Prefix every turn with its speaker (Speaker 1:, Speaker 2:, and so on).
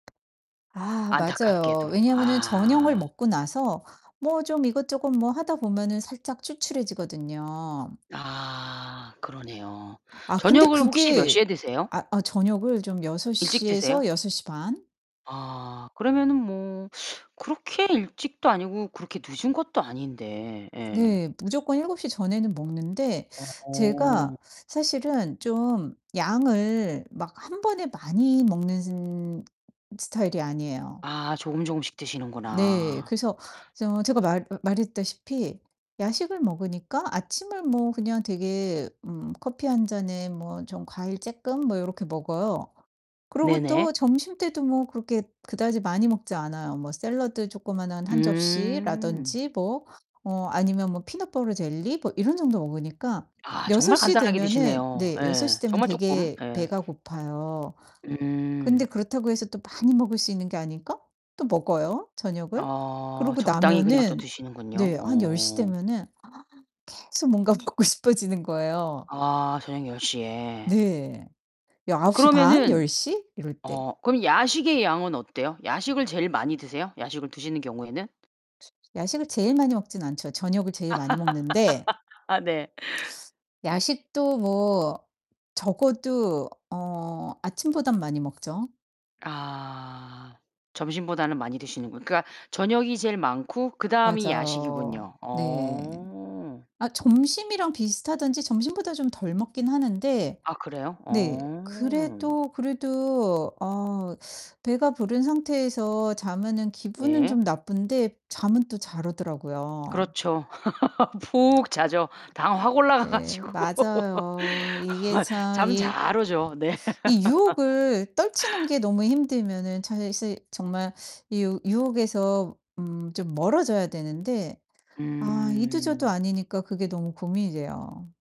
Speaker 1: 아 맞아요.
Speaker 2: 안타깝게도
Speaker 1: 왜냐면은 저녁을
Speaker 2: 아.
Speaker 1: 먹고 나서 뭐 좀 이것저것 뭐 하다 보면은 살짝 출출해지거든요.
Speaker 2: 아 그러네요.
Speaker 1: 아 근데
Speaker 2: 저녁을 혹시 몇
Speaker 1: 그게
Speaker 2: 시에 드세요?
Speaker 1: 아 어 저녁을 좀 6
Speaker 2: 일찍
Speaker 1: 시에서
Speaker 2: 드세요?
Speaker 1: 6 시 반
Speaker 2: 아 그러면은 뭐 그렇게 일찍도 아니고 그렇게 늦은 것도 아닌데. 예.
Speaker 1: 네. 무조건 7 시 전에는 먹는데
Speaker 2: 어.
Speaker 1: 제가 사실은 좀 양을 막 1 번에 많이 먹는 스타일이 아니에요.
Speaker 2: 아 조금조금씩
Speaker 1: 네.
Speaker 2: 드시는구나.
Speaker 1: 그래서 저 제가 말 으 말했다시피 야식을 먹으니까 아침을 뭐 그냥 되게 음 커피 1 잔에 뭐 좀 과일 쪼끔 뭐 요렇게 먹어요. 그러고
Speaker 2: 네네.
Speaker 1: 또 점심 때도 뭐 그렇게 그다지 많이 먹지 않아요. 뭐 샐러드 조그마한 1
Speaker 2: 음.
Speaker 1: 접시라든지 뭐 어 아니면 뭐 peanut butter jelly 뭐 이런 정도 먹으니까
Speaker 2: 아
Speaker 1: 6
Speaker 2: 정말
Speaker 1: 시
Speaker 2: 간단하게
Speaker 1: 되면은
Speaker 2: 드시네요.
Speaker 1: 네 6 시
Speaker 2: 예
Speaker 1: 되면
Speaker 2: 정말 쪼끔
Speaker 1: 되게
Speaker 2: 예.
Speaker 1: 배가 고파요. 근데
Speaker 2: 음.
Speaker 1: 그렇다고 해서 또 많이 먹을 수 있는 게 아니니까 또 먹어요 저녁을.
Speaker 2: 어
Speaker 1: 그러고
Speaker 2: 적당히 그냥 또
Speaker 1: 나면은
Speaker 2: 드시는군요.
Speaker 1: 네 한 10 시
Speaker 2: 어.
Speaker 1: 되면은 아 계속 뭔가 먹고 싶어지는 거예요.
Speaker 2: 아 저녁 10 시에.
Speaker 1: 네. 여 9 시 반,
Speaker 2: 그러면은
Speaker 1: 10 시 이럴 때.
Speaker 2: 어 그럼 야식의 양은 어때요? 야식을 제일 많이 드세요 야식을 드시는 경우에는?
Speaker 1: 야식을 제일 많이 먹진 않죠. 저녁을 제일 많이 먹는데
Speaker 2: 아 네.
Speaker 1: 야식도 뭐 적어도 어 아침보단 많이 먹죠.
Speaker 2: 아 점심보다는 많이 드시는군 그러니까 저녁이 제일 많고 그다음이
Speaker 1: 맞어.
Speaker 2: 야식이군요.
Speaker 1: 네.
Speaker 2: 어.
Speaker 1: 아 점심이랑 비슷하든지 점심보다 좀 덜 먹긴 하는데
Speaker 2: 아 그래요?
Speaker 1: 네
Speaker 2: 어.
Speaker 1: 그래도, 그래도 어 배가 부른 상태에서 자면은 기분은
Speaker 2: 네.
Speaker 1: 좀 나쁜데 잠은 또 잘 오더라고요.
Speaker 2: 그렇쵸. 푹 자죠 당 확 올라가 가
Speaker 1: 네
Speaker 2: 가지고.
Speaker 1: 맞아요. 이게 참
Speaker 2: 잠
Speaker 1: 이
Speaker 2: 잘 오죠. 네.
Speaker 1: 이 유혹을 떨치는 게 너무 힘들면은 차 사실 정말 이 유 유혹에서 음 좀 멀어져야 되는데 아 이도 저도
Speaker 2: 음.
Speaker 1: 아니니까 그게 너무 고민이 돼요.